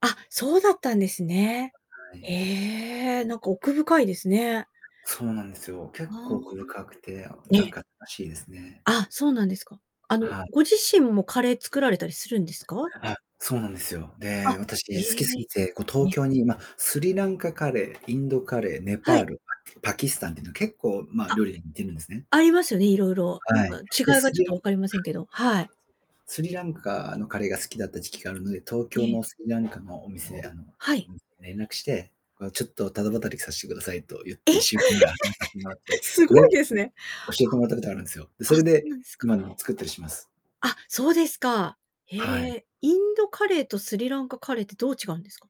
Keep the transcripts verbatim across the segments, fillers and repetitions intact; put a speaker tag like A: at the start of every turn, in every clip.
A: あ、そうだったんですね。
B: あ、はい。
A: へえ、なんか奥深いですね。
B: そうなんですよ。
A: う
B: 結構
A: ー
B: 奥深くて、あ、
A: ん。え
B: なん
A: え。
B: か楽しいですね。
A: あ、そうなんですか。あの、
B: はい。
A: ご自身もカレー作られたりするんですか？
B: あ、そうなんですよ。
A: あ。
B: で、私
A: え
B: 好きす
A: え。
B: ぎて、こう
A: え
B: 東
A: え。
B: 京に、ま、スリランカカレー、インドカレー、ネ
A: は
B: パー
A: い。
B: ル、パキスタンっていうのは結構、まあ、
A: あ。
B: 料理似てるんですね。
A: ありますよね、いろいろ。なん
B: は
A: か
B: い。で、
A: 違い
B: ス
A: は
B: リ
A: ちょっ
B: ラ
A: と
B: ン
A: 分
B: カ
A: かりませんけど、はい。
B: スリランカのカレーが好きだった時期があるので、東
A: え
B: 京
A: え。
B: のスリランカのお店であの
A: はい。
B: 連絡して、ちょっとただ働きさせてくださいと言っ
A: え！
B: ていっしゅうかんぐらい働かせてもらっ て、
A: すご
B: レ
A: いで
B: シ
A: す
B: ピ
A: ね。
B: 教えてもらったことがあるんですよ。で、
A: あ。
B: そ
A: あ、
B: れ
A: そう
B: で
A: なんですか。
B: 今でも作ったりします。
A: あ、そうですか。へ
B: はい。
A: え、インドカレーとスリランカカレーってどう違うんですか？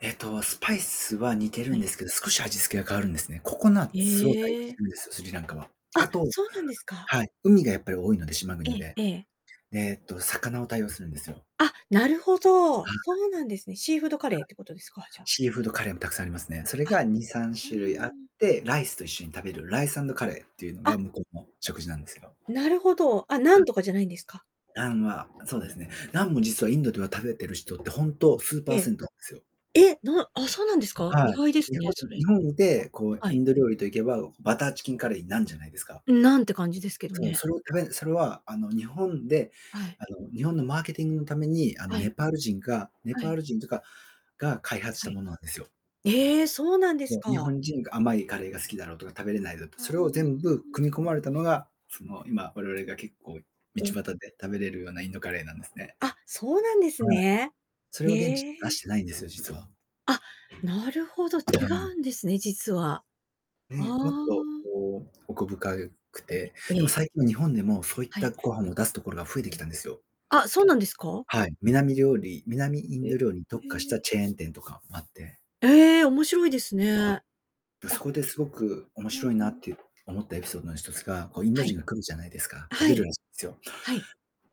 B: えっと、スパイスは似て
A: は
B: るん
A: い。
B: ですけど、少し味付けが変わるんですね。ココナッツを多用
A: へ
B: して
A: え。
B: るんですよ、スリランカは。
A: あ、
B: あと、
A: そうなんですか。
B: はい、海がやっぱり多いので、島
A: え
B: 国で。
A: えええ。
B: えっと、魚を多用するんですよ。
A: あ、なるほど、
B: は
A: そ
B: い。
A: うなんですね。シーフードカレーっ
B: は
A: てことですか、じ
B: い。
A: ゃあ。
B: シーフードカレーもたくさんありますね。それ
A: あ。
B: がにさん
A: う
B: しゅるいあっ
A: ーん。
B: て、ライスと一緒に食べる、ライスアンドカレーっていうの
A: あ。
B: が向こうの食事なんですよ。
A: なるほど、あ、ナン
B: はい。
A: とかじゃないんですか？
B: ナンは、そうですね。ナンも実はインドでは食べてる人って、ほんと数
A: え
B: パー
A: え。
B: セントなんですよ。
A: え！なあ、そうなんですか？意
B: はい。
A: 外です
B: 日
A: ね、
B: 本
A: それ。
B: 日本で、こう
A: は
B: イ
A: い。
B: ンド料理といけば、バターチキンカレーにナンじゃないですか？
A: ナンて感じですけど
B: そう、
A: ね。
B: それを、たべそれはあの日本で
A: はい。
B: あの日本のマーケティングのために、あの
A: はい。
B: ネパール人がネ
A: は
B: パ
A: い。
B: ール人というか、が開発し
A: は
B: た
A: い。
B: ものなんですよ。
A: ええ、そうなんです
B: そう、日
A: か。
B: 本人が甘いカレーが好きだろうとか、食べれないぞとか、
A: ああ。う
B: それ
A: ー
B: を全部
A: ん。
B: 組み込まれたのが、その今我々が結構道
A: え
B: 端
A: え。
B: で食べれるようなインドカレーなんですね。
A: あ、そうなんです
B: はい。
A: ね。
B: それは現地
A: え
B: で出し
A: え。
B: てないんですよ、実は。
A: あ、なるほど、
B: は
A: 違
B: い。
A: うんですね、実は。あ
B: ね、もっ
A: あ。
B: とこう、奥深くて、
A: え
B: でも
A: え。
B: 最近は日本でも、そういっ
A: は
B: た
A: い。
B: ご飯を出すところが増えてきたんですよ。
A: あ、そうなんですか？
B: はい、南料理南イ
A: え、
B: ン
A: へ
B: ド料理に特化し
A: え。
B: たチェーン店とかもあって。
A: ええ、面白いですね。
B: あ。そ
A: あ。
B: こですごく面
A: うん
B: 白いな
A: う
B: っ
A: ん。
B: て思ったエピソードの一つが、こうインド
A: はい。
B: 人が来るじゃないですか。食
A: は
B: べる
A: い。
B: らしいんですよ。
A: はい。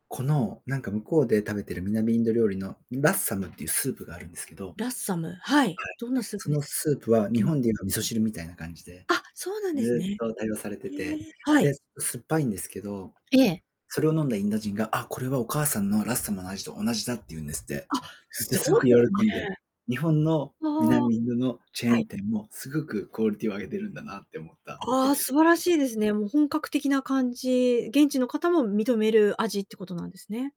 B: この、なんか向こうで食べてる南インド料理のラッサムっていうスープがあるんですけどはい。
A: ラッサム、はい、どんなスープ
B: そ
A: で
B: の
A: す？
B: スープは
A: う
B: 日
A: ん。
B: 本でいうの味噌汁みたいな感じで、
A: あ、そうなんです
B: ずっ
A: ね。
B: と多用されて
A: え
B: て。
A: え。はい。
B: で、酸っぱいんですけど、
A: ええ。
B: それを飲んだインド人が、あ、これはお母さんのラッサムの味と同じだって言うんですって。
A: あ、
B: で、
A: す
B: す
A: ご
B: ご
A: い
B: く
A: です
B: 喜
A: ね。
B: んで。日本の
A: ああ。
B: 南インドのチェ
A: は
B: ーン
A: い。
B: 店もすごくクオリティを上げているんだなって思った
A: あ
B: エ
A: あ、
B: ピソ
A: 素
B: ー
A: 晴ら
B: ドで
A: し
B: す。
A: いですね。もう本格的な感じ。現地の方も認める味ってことなんですね。